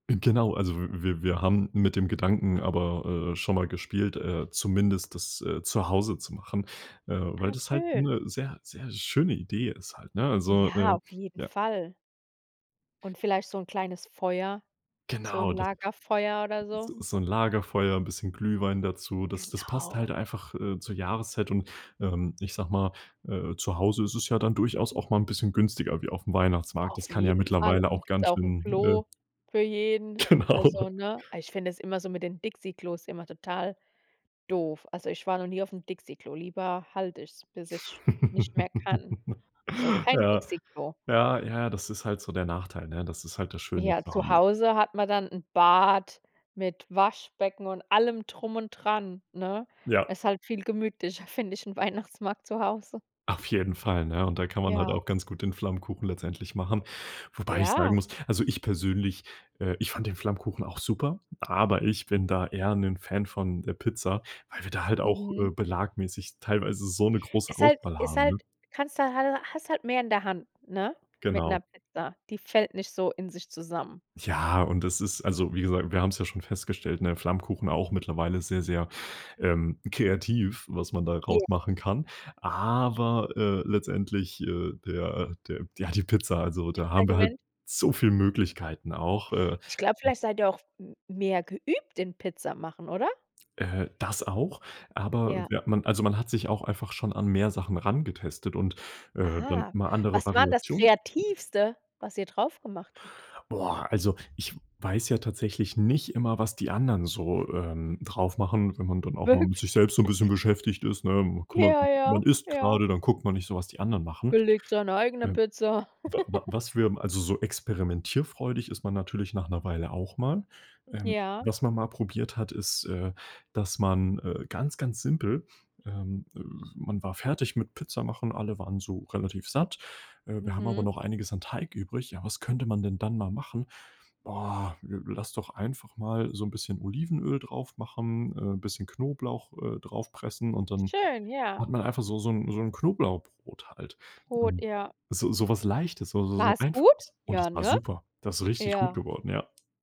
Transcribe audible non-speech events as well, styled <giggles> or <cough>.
G genau, also w wir wir haben mit dem Gedanken aber, äh, schon mal gespielt, äh, zumindest das, äh, zu Hause zu machen, äh, weil Ah, das halt schön 'ne sehr, sehr schöne Idee ist halt, ne? Also, Ja, äh auf jeden ja. Fall. Und vielleicht so 'n kleines Feuer so 'n Genau, das. Lagerfeuer oder so. So so 'n Lagerfeuer, 'n bisschen Glühwein dazu. Das das passt halt Genau. einfach, äh, zur Jahreszeit und, ähm- ich sage mal- äh, zu Hause ist es ja dann durchaus auch mal 'n bisschen günstiger wie auf 'm Weihnachtsmarkt. Das Auf kann ja jeden Fall. mittlerweile Und auch gibt ganz auch 'n schön, Klo äh für jeden, Genau. also, ne? Ah, ich find das immer so mit den Dixie-Klos immer total doof. Also, ich war noch nie auf 'm Dixie-Klo. Lieber halt ich es, bis ich nicht mehr kann. <laughs> Also kein Ja. Dixie-Klo. Ja, ja, das ist halt so der Nachteil, ne? Das ist halt das Schöne Ja, zu zuhause. Hause hat man dann 'n Bad mit Waschbecken und allem drum und dran, ne? Ja. Ist halt viel gemütlicher, finde ich, 'n Weihnachtsmarkt zu Hause. Auf jeden Fall, ne? Und da kann man halt Ja. auch ganz gut den Flammkuchen letztendlich machen, wobei ich sagen Ja. muss also ich persönlich, äh, ich fand den Flammkuchen auch super, aber ich bin da eher 'nen Fan von der Pizza, weil wir da halt auch, äh, Mhm. belagmäßig teilweise so 'ne große Ist halt Auswahl ist haben, ne? halt kannst du hal hast halt mehr in der Hand, ne, mit 'ner Genau. Pizza. Die fällt nicht so in sich zusammen. Ja, und das ist also wie gesa wir haben es ja schon festgestellt, ne Flammkuchen auch mittlerweile sehr, sehr, ähm, kreativ, was man Ja. daraus machen kann, aber, äh, letztendlich, äh, der der ja, die Pizza also da haben wir halt <unintelligible> so viel Möglichkeiten auch, äh Ich glaube, vielleicht seid ihr auch m mehr geübt in Pizza machen, oder? Äh, das auch, aber Ja. wie hat man also man hat sich auch einfach schon an mehr Sachen rangetestet und, äh, dann Ah, mal andere was war denn das Variations Kreativste, was ihr drauf gemacht habt? Boah, also ich weiß ja tatsächlich nicht immer, was die anderen so, ähm, drauf machen, wenn man dann auch mal Wirk mit sich selbst so 'n <laughs> bisschen beschäftigt ist, ne? Man kümmert Ja, sich man ja, isst ja. grade, dann guckt man nicht so, was die anderen machen. Belegt seine eigene Ähm. Pizza. Wa wa was wir <giggles> m also so experimentierfreudig ist man natürlich nach 'ner Weile auch mal. Ähm, Ja. was man mal probiert hat, ist, äh, dass man, äh ganz, ganz simpel ähm, man war fertig mit Pizza machen, alle waren so relativ satt. Äh, wir haben aber Mhm. noch einiges an Teig übrig. Ja, was könnte man denn dann mal machen? Oh! Lass doch einfach mal so 'n bisschen Olivenöl draufmachen, äh, 'n bisschen Knoblauch, äh, draufpressen, und dann Schön, ja. hat man einfach so so 'n so 'n Knoblauchbrot halt. Brot, Ähm, ja. so so was Leichtes, so so so War's gut? Einfaches. Und Ja, das war ne? super. Das ist richtig gut Ja. geworden, ja.